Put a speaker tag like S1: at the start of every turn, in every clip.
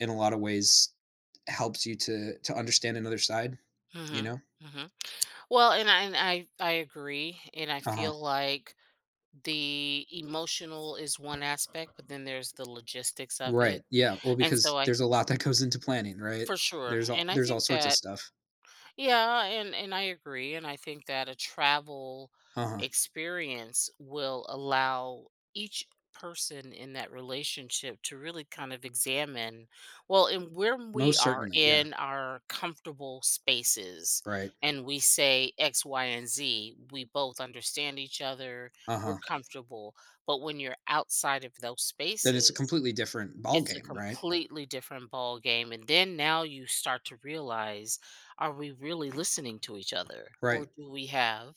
S1: In a lotta ways, helps you to to understand another side, you
S2: Mhm.
S1: know?
S2: Mhm. Well, and I and I I agree. And I
S1: Uh-huh.
S2: feel like the emotional is one aspect, but then there's the logistics of
S1: Right.
S2: it.
S1: Yeah. Well,
S2: And
S1: because
S2: so I
S1: there's a lot that goes into planning, right?
S2: For sure.
S1: There's all
S2: And I
S1: there's all
S2: think
S1: sorts of
S2: that
S1: stuff.
S2: Yeah, and and I agree, and I think that a travel
S1: Uh-huh.
S2: experience will allow each person in that relationship to really kind of examine Well, and when we
S1: Most
S2: are
S1: certainly, yeah.
S2: in our comfortable spaces,
S1: Right.
S2: and we say X, Y, and Z, we both understand each other, we're
S1: Uh-huh.
S2: comfortable. But when you're outside of those
S1: That is a
S2: spaces,
S1: completely different
S2: it's a
S1: ballgame, right?
S2: completely different ball game. And then, now you start to realize, are we really listening to each other, or
S1: Right.
S2: do we have,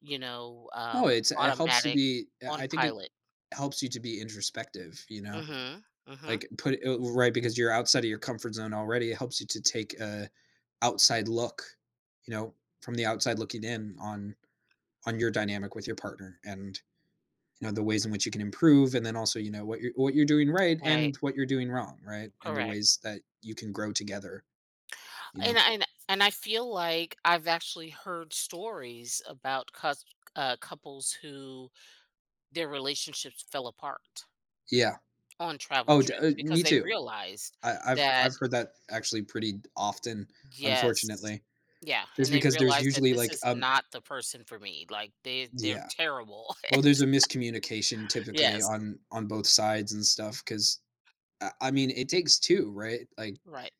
S2: you know,
S1: Oh,
S2: um,
S1: it's it helps to
S2: automatic
S1: be I
S2: on
S1: I think it
S2: pilot?
S1: helps you to be introspective, you know?
S2: Mhm. Mhm.
S1: Like, put it oh u right, because you're outside of your comfort zone already. It helps you to take a outside look, you know, from the outside looking in on on your dynamic with your partner. And, you know, the ways in which you can improve and then also, you know, what you're what you're doing right
S2: Right.
S1: and what you're doing wrong, right, and the
S2: Correct.
S1: ways that you can grow together, you know?
S2: And I and and I feel like I've actually heard stories about cusk uh, couples who their relationships fell apart
S1: Yeah.
S2: on travel
S1: Oh, d uh,
S2: trips because
S1: me
S2: they
S1: too.
S2: realized
S1: I I've
S2: that
S1: I've heard that actually pretty d often,
S2: Yes.
S1: unfortunately.
S2: Yeah,
S1: It's
S2: and they
S1: because there's
S2: realized that
S1: usually,
S2: this
S1: like,
S2: is
S1: um
S2: not the person for me. Like they they're
S1: Yeah.
S2: terrible. It
S1: Well, there's a miscommunication typically
S2: Yes.
S1: on on both sides and stuff, 'cause I I mean, it takes two, right, like
S2: Right.